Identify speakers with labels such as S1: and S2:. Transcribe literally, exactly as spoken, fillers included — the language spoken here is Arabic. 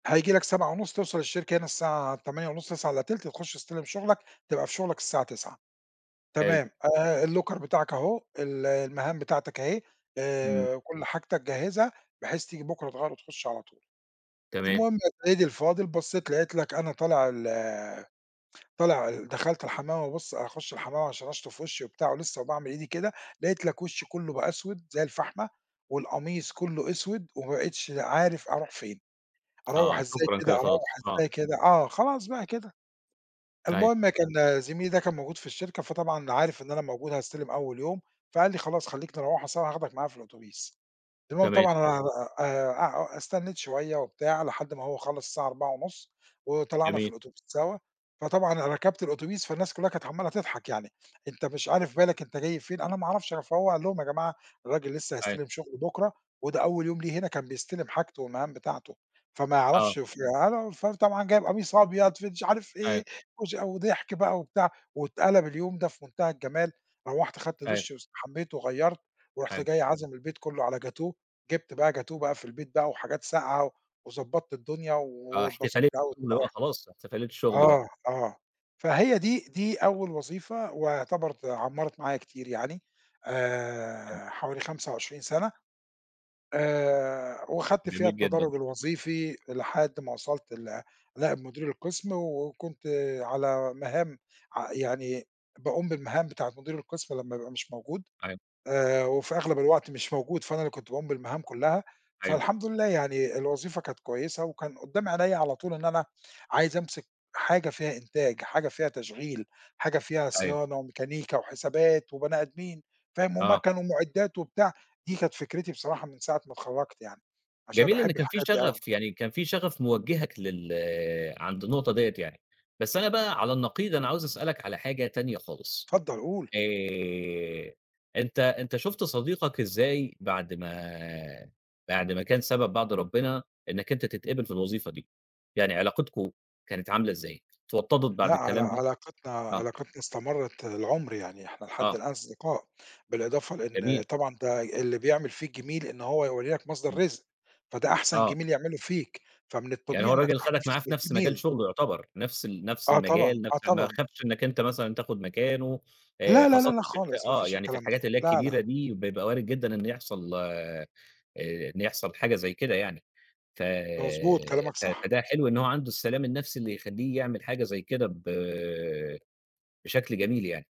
S1: هييجي لَك سبعة ونص توصَل الشركة هنا الساعة تمانية ونص تسعة إلّا تِلت تخُش تستلم شُغلَك، تبقى في شُغلَك الساعة تسعة.
S2: حلو.
S1: تمام. آآ الlocker بتاعَك أهو ال المَهام بتاعتَك أهي
S2: إمم.
S1: آآ وكل حاجتَك جهّزها بحيث تييجي بُكرة تغيَّر وتخُش على طول.
S2: تمام.
S1: المُهم يا سَيّدي الفاضل بصّيت لقيت لَك أنا طالع ال طالع ال دخَلت الحمام وبابُص أخُش الحمام علشان أشطُف وشّي وبتاع ولسّه وباعمل إيدي كده، لقيت لَك وشي كلّه بقى أسود زي الفحمة، والقميص كُلّه أسود وما بقيتش د عارف أروح فين. أروَّح
S2: آه
S1: إزاي
S2: شكرًا
S1: كده،
S2: كده
S1: أروَّح
S2: خلاص، آه.
S1: إزاي كده؟ آه خلاص بقى كده.
S2: أيوَه.
S1: المُهم كان زميلي ده كان موجود في الشركة، فطبعًا عارف إن أنا موجود هاستلم أول اليوم، فقال لي "خلاص خلّيك نروَّح سوا، هاخدَك معايا في الأوتوبيس" المُهم
S2: تمام.
S1: طبعًا أنا أع أ استنّيت شويّة وبتاع لحد ما هو خلَّص الساعة أربعة ونص، وطلَعنا في
S2: جَميل.
S1: الأوتوبيس سوا، فطبعًا أنا ركَبت الأوتوبيس فالناس كلهّا كانت عمّالة تضحَك يعني. أنت مش عارف بالَك، أنت جاي فين، أنا ما أعرَفش، فهو قال لهم "يا جماعة الراجل لسّه
S2: أيوَه.
S1: هيستلم شُغله بُكرة وده أول يوم له هنا كان بيستلم حاجته والمَهام بتاعته، فما
S2: آه.
S1: يعرَفش" وفي أنا وفر طبعًا جاي بقميص أبيض في دش عارف
S2: أيوَه.
S1: إيه، وش وضحك بقى وبتاع واتقلَب اليوم ده في منتهى الجمال. روَّحت أخدت
S2: أيوَه.
S1: دُش، واستحمّيت، وغيّرت، ورُحت
S2: حلو.
S1: جاي عازم البيت كلّه على جاتوه، جِبت بقى جاتوه بقى في البيت بقى، وحاجات ساقعة، وضبّطت الدُنيا،
S2: آه
S1: واتبسطت
S2: احتفالية
S1: أوي
S2: الشغل بقى
S1: الصراحة.
S2: خلاص، احتفالية الشغل بقى.
S1: آه، آه فهي دي دي أول وظيفة واعتبرِت عمَّرِت معايا كتير يعني
S2: حلو.
S1: آآ حوالي خمسة وعشرين سَنة، آآ وخدت فيها
S2: جميل جدًا.
S1: التدرُّج الوظيفي لحد ما وصَلت ل لنائب مدير القِسم و وكنت على مَهام ع يعني باقوم بالمهام بتاعة مدير القِسم لمّا يبقى مش موجود،
S2: أيوَه.
S1: آآ وفي أغلب الوقت مش موجود فأنا اللي كنت باقوم بالمَهام كُلّها،
S2: أيوَه.
S1: فالحمد لله يعني الوظيفة كانت كويّسة وكان قدّام عينيا على طول إن أنا عايز أمسِك حاجة فيها إنتاج حاجة فيها تشغيل حاجة فيها
S2: أيوَه.
S1: صيانة، وميكانيكا، وحسابات، وبني آدمين. فاهم؟
S2: آه.
S1: ومَكن، ومُعدّات، وبتاع دي كانت فكرتي بصراحة من ساعة ما اتخرّجت يعني، علشان أنا
S2: جَميل إن
S1: باحب
S2: كان في
S1: الحاجات دي أوي أنا.
S2: شغف يعني كان في شغف موجهَك لل عَند النقطة ديّة يعني، بس أنا بقى على النقيض أنا عاوز أسألَك على حاجة تانية خالص.
S1: اتفضَّل قُل.
S2: آآ أنت أنت شُفت صديقَك إزاي بَعد ما بَعد ما كان سبب بَعد ربنا إنَّك أنت تتقبل في الوظيفة؟ دي يعني علاقتكم كانت عاملة إزاي؟ اتوطدت
S1: لأ
S2: بَعد
S1: على
S2: الكلام ده؟
S1: علاقتنا
S2: آه.
S1: علاقتنا استمرّت العُمر يعني إحنا لحد
S2: آه.
S1: الآن أصدقاء بالإضافة لإن
S2: جَميل.
S1: طبعًا ده ي اللي بيعمل فيك جِميل إن هو يورّي لَك مصدَر
S2: إمم.
S1: رزق، فده أحسن
S2: آه.
S1: جِميل يعمله فيك، فمن
S2: يعني
S1: الطبيعي
S2: هو
S1: إنَّك
S2: الراجل خدَك
S1: تَحتفِظ
S2: معاه في نَفْس مجال
S1: بالجِميل.
S2: شُغله يُعتبَر، نفْس ال نفْس
S1: آه طبعًا،
S2: المجال
S1: آه
S2: نفْس ما
S1: طبعًا.
S2: خافش إنَّك أنت مثلًا تاخد مكانه آآ
S1: لا، لا،
S2: خاصةً
S1: لا
S2: في ال في
S1: خالص ما
S2: آه
S1: فيش
S2: يعني في
S1: الكلام ده
S2: الحاجات اللي هي
S1: لا،
S2: الكبيرة
S1: لا.
S2: دي بيبقى وارد جدًا إن يحصَل آآ إن يحصَل حاجة زي كده يعني، ف
S1: ده مضبوط، كلامَك
S2: ف
S1: صح.
S2: فده حلو إن هو عَنده السلام النَفْسي اللي يخلّيه يعمل حاجة زي كده ب بشَكل جَميل يعني.